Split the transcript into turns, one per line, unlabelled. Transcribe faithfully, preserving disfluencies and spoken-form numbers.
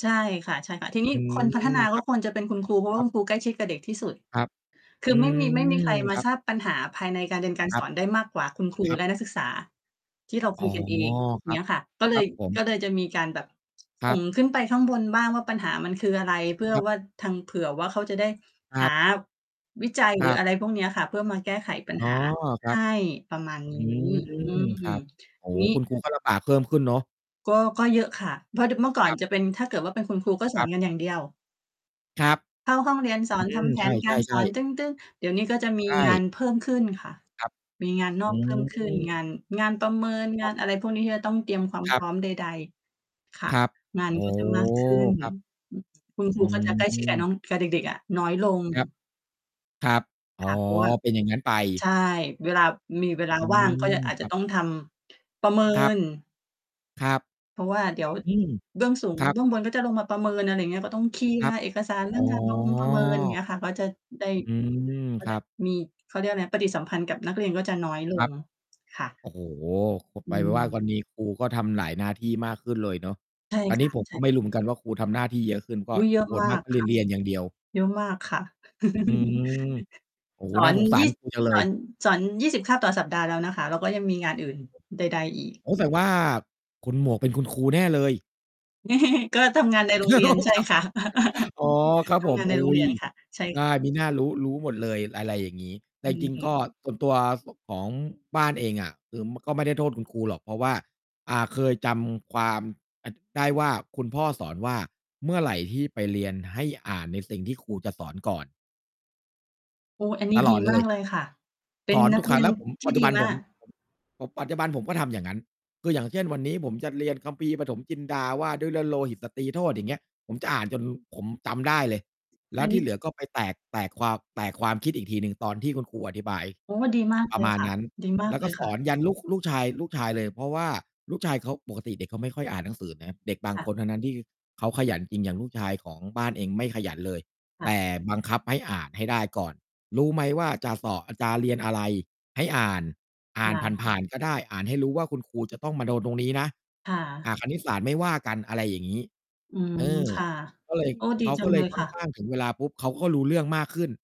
ใช่ค่ะ ใช่ค่ะ ทีนี้
อื
ค
ม
นพัฒนาก
ค
็
รับ
ควรจะเป็นคุณครู เพราะว
ค
่า
รั
ค
บ
ุณครูใกล้ชิดกับเด็กที่สุด
ครับ
คื
อ
อ
ื
ไม่มี ไม่มีใคร
ม
มา
ครั
ท
บ
ราบปัญหาภายในการเรียน การ
คร
ส
ับ
อนได้มากกว่า คุณครู
ครับ
และนักศึกษา ที่เรา
อ
ค
๋อ
ุยกันเอง อย่
ค
าง
ร
เ
ั
งี้
บ
ยค่ะ ก็เ
ค
ล
รั
ย
บผม
ก็เลยจะมีการแบบ
ค
ส
รั
่ง
บ
ขึ้นไปข้างบนบ้างว่าปัญหามันคืออะไร เพื่อ
ครับ
ว่าทาง เผื่อว่าเขาจะได้
คร
ห
ั
า
บ
วิจัย
ค
หร
ร
ือ
ั
อ
บ
ะไรพวกเนี้ยค่ะ เพื่อมาแก้ไขปัญ
อ๋อ
หา
ครั
ให
บ
้ประมาณน
อ
ี
ื
้ อื
ม
ม
ครับ โอ้
ที
โฮ
นี
คุ
้
ณครูก็ลำบากเพิ่มขึ้นเนาะ
ก็ ก็เยอะค่ะ เพราะ ด เมื่อก่อ
ค
น
รับ
จะ เป็น ถ้าเกิดว่าเป็นคุณครูก็ส
ค
อ
ร
น
ับ
กันอย่างเดียว
ครับ
เข้าห้องเรียน สอ
อื
น ท
ม
ำแผ
ใช
นการ สอ
่
น
ๆ ๆ
ตึ้ง ๆ เดี๋ยวนี้ก็จะม
ใ
ี
ช
งา
่
นเพิ่มขึ้นค่ะ
ครับ
มีงาน น
อื
อกเพิ่มขึ้น ง
ม
าน งานประเมิน
ค
ง
ร
า
ับ
นอะไรพวกนี้ ที่จะต้องเตรียมความ
คร
พ
ับ
ร้อมใด ๆ ค่ะ
ครับ
งาน
อ๋
ก
อ
็จะมาก ขึ้น
ครับ
อืม คุณค
อื
รูก็จะใกล้ชิด กับ
ม
น้อง กับเด็ก ๆ อะ น้อยลง
ครับ ครับ อ
ค
๋อ
่ะ เพราะว่า
เป็นอย่างงั้นไป
ใช่ เวลา มีเวลา
อื
ว่างก็
ม
จะ อาจ
ค
จ
ร
ะ
ับ
ต้องทำ ประเมิ
ครับ
น
ครับ
เพราะว่าเดี๋ยว
อืม
เบื้องสูง
ครั
เ
บ
บื้องบนก็จะลงมาประเมิน อะไรอย่างเงี้ย ก็ต้องเคลี
ค
ย
ร
ร
ับ
์เอกสารเร
อ
ื่อ
๋
ง
อ
การประมงประเมิน อย่างเงี้ยค่ะ ก็จะได้
อืม
เขา
ค
เรี
รั
ยก
บ
มี เขาเรียกอะไร ปฏิสัมพันธ์กับนักเรียนก็จะน้อยล
คร
ง
ับ
ค่ะ
โอ้โฮ ก็
อ
ไปเป็นว่า
ืม
ตอนนี้ครูก็ทำหลายหน้าที่มากขึ้นเลยเนาะ
ใช่
อัน
ค
นี้
่ะ
ผม
ใช
ก
่
็ไม่
ค่ะ
รู้เหมือนกันว่า ครูทำหน้าที่เยอะขึ้น ก็
อุ๊ย เยอะ
ส่วน
มา
มาก
ก
ก็เ
ค
ล
่
ย
ะ
เรียนอย่างเดียว
เยอะมากค่ะ
อืม โอ้โ
ส
ฮ
อ
น่า
น
สงสา
ยี่
ร ครู จังเ
ส
ล
อ
ย
น สอน ยี่สิบ คาบต่อสัปดาห์แล้วนะคะ แล้วก็ยังมีงานอื่นใด ๆ อีก
โอ้ แสดงว่าคุณหมวกเป็นคุณครูแน่เลย
ก็ ทำงานในโรงเร
ค
ีย
ร
น
ับ
ใช่
ครับ
ค่ะ
อ๋อ ครับ
ท
ผ
ำง
ม
านใน
อุ
โรง
๊
เรี
ย
ยนค่ะ ใช่
ใช
ค
่
่ะ
มิน่ารู้ รู้หมดเลย ระ
ใช
ไร
่
อย่างงี้ แต
อ
่
ื
จ
ม
ริง ๆ ก็ ส่วนตัวของบ้านเองอะ คือก็ไม่ได้โทษคุณครูหรอก เพราะว่า อ่า เคยจำความ อ ได้ว่าคุณพ่อสอนว่าเมื่อไหร่ที่ไปเรียนให้อ่านในสิ่งที่ครูจะสอนก่อน
โอ้ อันนี
ต
้
ล
ด
อ
ี
ดเล
มาก
ย
เลยค่ะ เป็
ส
น
อน
นั
ท
ก
ุก
เ
ค
ร
ร
ี
ั้ง
ย
แ
น
ล้วผม
ที
ป
่
ัจจ
ด
ุ
ี
บัน
ม
ผ
า
ม
ก
ผม ผมปัจจุบันผมก็ทำอย่างนั้น คือ อย่างเช่น วันนี้ผมจะเรียน คัมภีร์ปฐมจินดาว่าด้วยเลือดโลหิตสตรีโทษ อย่างเงี้ย ผมจะอ่านจนผมจำได้เลย แล
อ
้
ั
ว
นน
ที
ี้
่เหลือก็ไปแตก แตกความ แตกความคิดอีกทีหนึ่งตอนที่คุณครูอธิบาย
โอ้ ดีมาก
ป
เล
ระ
ย
มาณ
ค่ะ
นั้น
ดีมา
แ
ก
ล้ว
เ
ก
ล
็
ย
ส
ค่
อ
ะ
นยันลูก ลูกชาย ลูกชายเลย เพราะว่าลูกชาย เขาปกติเด็กเขาไม่ค่อยอ่านหนังสือนะ เด็กบาง
ค่ะ
คนเท่านั้น ที่เขาขยันจริงอย่างลูกชายของบ้านเองไม่ขยันเลย
ค่
แต
ะ
่บังคับให้อ่านให้ได้ก่อน รู้ไหมว่าจะสอบ จะเรียนอะไร ให้อ่าน อ่า
ค
น
่ะ
ผ่าน ๆ ก็ได้ อ่านให้รู้ว่าคุณครูจะต้องมาโดนตรงนี้นะ
ค่ะ
อ่า คณิตศาสตร์ไม่ว่ากัน อะไรอย่างงี้
อืม
เออ
ค่ะ
ก็เลย
โอ้ ดี
เขา
จั
ก็
ง
เล
เล
ย
ย
ค่
ค
อ
่
น
ะ
ข้าง ถึงเวลาปุ๊บเขาก็รู้เรื่องมากขึ้น